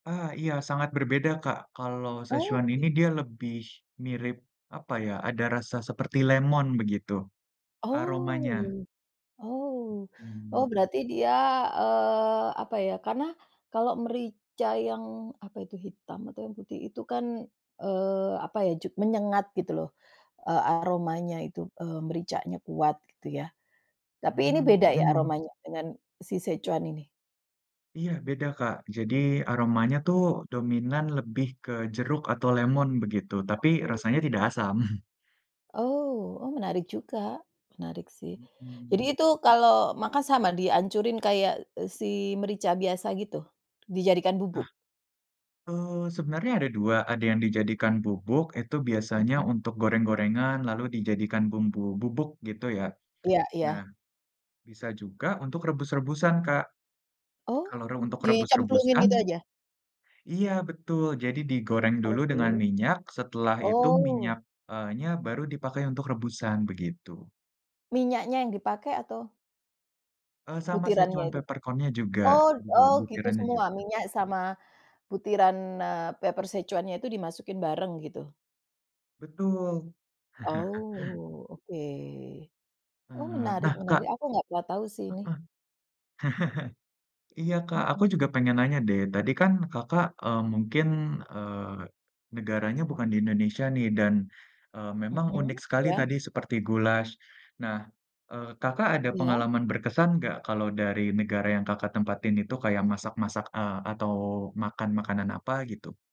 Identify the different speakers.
Speaker 1: Ah, iya, sangat berbeda, Kak. Kalau, szechuan ini
Speaker 2: Oke.
Speaker 1: dia lebih mirip apa ya, ada rasa seperti lemon begitu, aromanya.
Speaker 2: Oh oh oh
Speaker 1: Mhm.
Speaker 2: berarti dia, eee, apa ya, karena kalau merica yang, apa itu hitam atau yang putih, itu kan, eee, apa ya, jug menyengat, gitu loh, e aromanya itu, eee, mericanya kuat, gitu ya. Tapi ini
Speaker 1: Mmm
Speaker 2: beda ya,
Speaker 1: mhm.
Speaker 2: aromanya dengan si szechuan ini?
Speaker 1: Iya, beda, Kak. Jadi, aromanya tuh dominan lebih ke jeruk, atau lemon, begitu, tapi
Speaker 2: Oh.
Speaker 1: rasanya tidak asam.
Speaker 2: Oh oh menarik juga, menarik sih.
Speaker 1: Mhm.
Speaker 2: Jadi itu kalau makan sama, dihancurin kayak, e si merica biasa gitu, dijadikan bubuk?
Speaker 1: Nah, eee, sebenarnya ada 2, ada yang dijadikan bubuk itu biasanya
Speaker 2: Mhm.
Speaker 1: untuk goreng-gorengan lalu dijadikan bumbu bubuk, gitu ya.
Speaker 2: Iya
Speaker 1: Nah,
Speaker 2: iya.
Speaker 1: bisa juga untuk rebus-rebusan, Kak,
Speaker 2: Oh,
Speaker 1: kalau re untuk
Speaker 2: di cemplungin gitu
Speaker 1: rebus-rebusan
Speaker 2: aja?
Speaker 1: iya, betul! Jadi, digoreng dulu dengan
Speaker 2: Oke.
Speaker 1: minyak setelah itu
Speaker 2: Oh.
Speaker 1: minyak eee, nya, baru dipakai untuk rebusan, begitu.
Speaker 2: Minyaknya yang dipakai, atau
Speaker 1: Eee, sama
Speaker 2: butirannya,
Speaker 1: szechuan
Speaker 2: itu?
Speaker 1: peppercorn-nya juga,
Speaker 2: Oh
Speaker 1: dibuat
Speaker 2: oh gitu,
Speaker 1: butirannya
Speaker 2: semua?
Speaker 1: juga.
Speaker 2: Minyak sama butiran, eee, pepper szechuannya itu dimasukin bareng, gitu?
Speaker 1: Betul!
Speaker 2: Oh, oke. Oh,
Speaker 1: Eee,
Speaker 2: menarik
Speaker 1: nah, Kak
Speaker 2: menarik, aku nggak pernah tahu sih,
Speaker 1: heeh.
Speaker 2: ini.
Speaker 1: Iya, Kak, aku
Speaker 2: Mhm.
Speaker 1: juga pengen nanya deh, tadi kan Kakak, eee, mungkin, eee, negaranya bukan di Indonesia nih, dan, eee, memang
Speaker 2: Mhm?
Speaker 1: unik sekali
Speaker 2: Iya?
Speaker 1: tadi seperti goulash. Nah, eee, Kakak, ada
Speaker 2: Iya?
Speaker 1: pengalaman berkesan nggak kalau dari negara yang Kakak tempatin itu kayak masak-masak, eee, atau, makan makanan apa, gitu?